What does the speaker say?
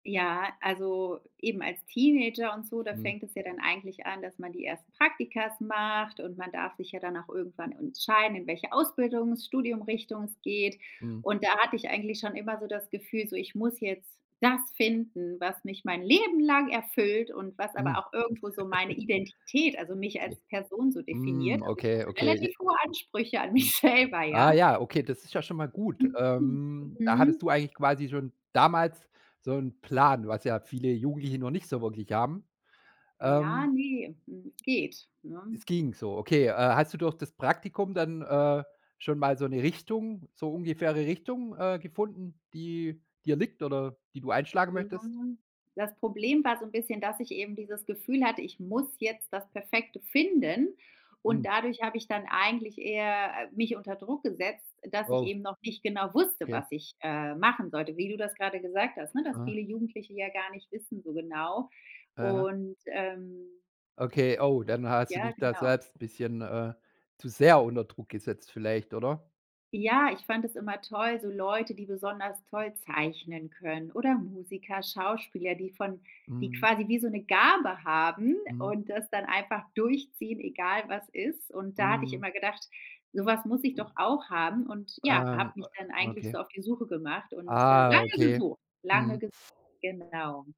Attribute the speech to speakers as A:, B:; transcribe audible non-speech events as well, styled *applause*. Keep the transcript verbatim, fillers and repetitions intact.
A: Ja, also eben als Teenager und so, da
B: Mhm.
A: fängt es ja dann eigentlich an, dass man die ersten Praktikas macht, und man darf sich ja dann auch irgendwann entscheiden, in welche Ausbildungs, Studium-Richtung es geht.
B: Mhm.
A: Und da hatte ich eigentlich schon immer so das Gefühl, so, ich muss jetzt das finden, was mich mein Leben lang erfüllt und was
B: Mhm.
A: aber auch irgendwo so meine
B: *giggles*
A: Identität, also mich als
B: Okay.
A: Person so definiert.
B: Mhm,
A: Also ich
B: okay,
A: hatte
B: okay. Je
A: relativ hohe Ansprüche an
B: Mhm.
A: mich selber,
B: Ah
A: ja.
B: ja, okay, das ist ja schon mal gut.
A: Mhm, mhm.
B: Ähm, da hattest
A: Mhm.
B: du eigentlich quasi schon damals so 'n Plan, was ja viele Jugendliche noch nicht so wirklich haben.
A: Ja,
B: Ähm
A: ne. Hm, geht, ne?
B: Es ging so, okay. Äh, hast du durch das Praktikum dann, äh, schon mal so 'ne Richtung so ungefähre Richtung, äh, gefunden, die dir liegt oder die du einschlagen
A: Ja.
B: möchtest?
A: Das Problem war so 'n bisschen, dass ich eben dieses Gefühl hatte, ich muss jetzt das Perfekte finden. Und
B: Mhm.
A: dadurch hab ich dann eigentlich eher, äh, mich unter Druck gesetzt, dass ich
B: Oh.
A: eben noch nicht genau wusste,
B: Okay.
A: was ich, äh, machen sollte, wie du das gerade gesagt hast, ne, dass
B: Ah.
A: viele Jugendliche ja gar nicht wissen so genau.
B: Ah ja.
A: Und, ähm
B: Okay, oh, dann ha hast du
A: Ja,
B: dich da
A: genau.
B: selbst 'n bisschen, äh, zu sehr unter Druck gesetzt vielleicht, oder?
A: Ja, ich fand es immer toll so Leute, die besonders toll zeichnen können oder Musiker, Schauspieler, die von die
B: Mhm.
A: quasi wie so 'ne Gabe haben
B: Mhm.
A: und das dann einfach durchziehen, egal was ist. Und da hatte ich
B: Mhm.
A: immer gedacht, so was muss ich doch auch haben. Und ja,
B: Ähm
A: hab
B: a
A: mich dann
B: a
A: eigentlich
B: okay.
A: so auf die Suche gemacht und, äh,
B: Ah,
A: lange
B: okay.
A: gesucht. Lange
B: Mhm.
A: ges Genau.